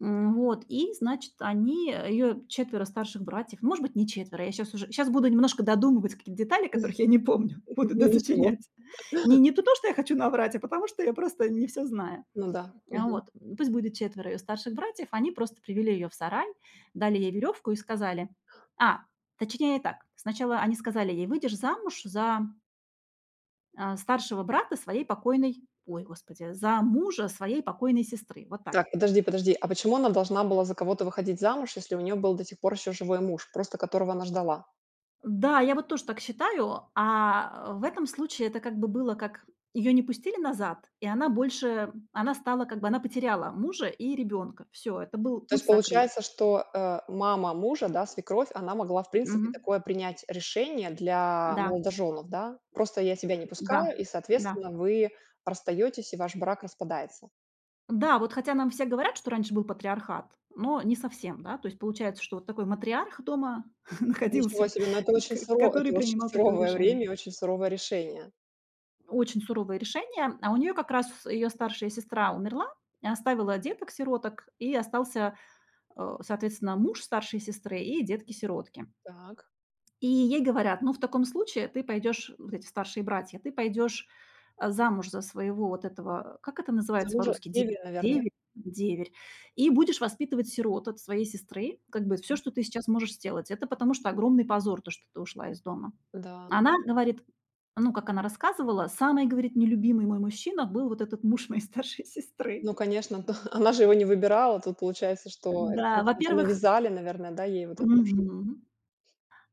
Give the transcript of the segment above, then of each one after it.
М, вот, и, значит, они, э, её 4 старших братьев, может быть, не 4, я щас уже щас буду немножко додумывать какие-то детали, которых я не помню, буду Никогда ничего. досочинять. Не не ту то, что я хочу наврать, а потому что я просто не всё знаю. Ну да. А, Мгм. вот. М, пусть будет 4 её старших братьев, они просто привели её в сарай, дали ей верёвку и сказали. А! Точнее так, сначала они сказали ей: "Выйдешь замуж за" "а, старшего брата своей покойной ой, господи,- за мужа своей покойной сестры". Вот так. Так, подожди подожди, а почему она должна была за кого-то выходить замуж, если у неё был до сих пор ещё живой муж, просто которого она ждала? Да, я вот тоже так считаю. А в этом случае это как бы было, как её не пустили назад, и она больше м, она стала как бы она потеряла мужа и ребёнка. Всё, это был То есть, путь закрыт. получается, что, э, мама мужа, да, свекровь, она могла, в принципе, Мгм. такое принять решение для Да. молодожёнов, да? Просто я тебя не Да. пускаю, и, Да. соответственно, вы расстаётесь, и ваш брак распадается. Да, вот, хотя нам все говорят, что раньше был патриархат, но не совсем, да? То есть получается, что вот такой матриарх дома Ничего находился, себе, но это и к очень сыро который это очень принимал такое суровое решение. время и очень суровое решения. Очень суровое решения. А у неё как раз её старшая сестра умерла и оставила деток-сироток, и остался, а, соответственно, муж старшей сестры и детки-сиротки. Так. И ей говорят: "Ну, в таком случае ты пойдёшь- вот эти старшие братья- ты пойдёшь, а, замуж за своего вот этого как это За называется мужа, по-русски? Де деверя, наверное. деверь деверь и будешь воспитывать сирот от своей сестры, как бы всё, М. что ты сейчас можешь сделать. Это потому что огромный позор, то, что ты ушла из дома". Да. А она говорит Ну, как она рассказывала, самый, говорит, нелюбимый мой мужчина был вот этот муж моей старшей сестры. Ну, конечно, да, она же его не выбирала. Тут получается, что это, в Да. общем-то, Во-первых навязали, наверное, да, ей вот это в шу Мгм.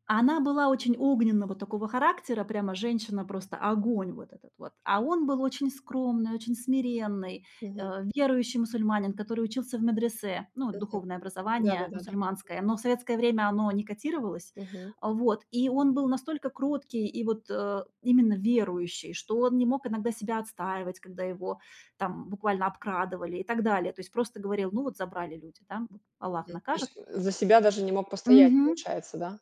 А она была очень огненна вот такого характера, прямо женщина просто огонь вот этот вот, а он был очень скромный, очень смиренный, Мгм. э, верующий мусульманин, который учился в медресе, ну, вот Мгм. духовное Да да образования да да. мусульманское, но в советское время оно не котировалось, Мгм. а вот, и он был настолько кроткий и, вот, а именно верующий, что он не мог иногда себя отстаивать, когда его там буквально обкрадывали и так далее, то есть просто говорил: "Ну вот, забрали люди, да, вот Аллах М, то накажет". есть, за себя даже не мог постоять, Мгм. получается, да?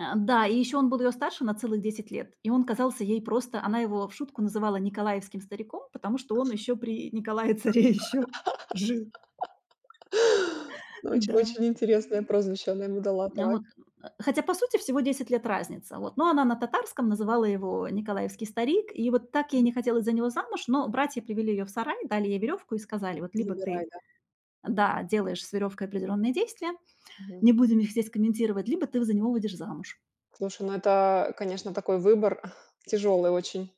А, да, и ещё он был её старше на целых 10 лет, и он казался ей просто она его в шутку называла николаевским стариком, потому что он ещё при Николае-царе ещё жил. Но очень Да. очень интересное прозвище она ему дала. А Так. вот, э, а. Хотя, по сути, всего 10 лет разница, вот. Но она на татарском называла его "николаевский старик". И вот так ей не хотелось за него замуж, но братья привели её в сарай, дали ей верёвку и сказали: "Вот либо Забирай, ты" да. Да, "Делаешь с верёвкой определённые действия, Мгм. не будем их здесь комментировать, либо ты в за него выйдешь замуж". Слушай, ну, это, конечно, такой выбор, тяжёлый очень.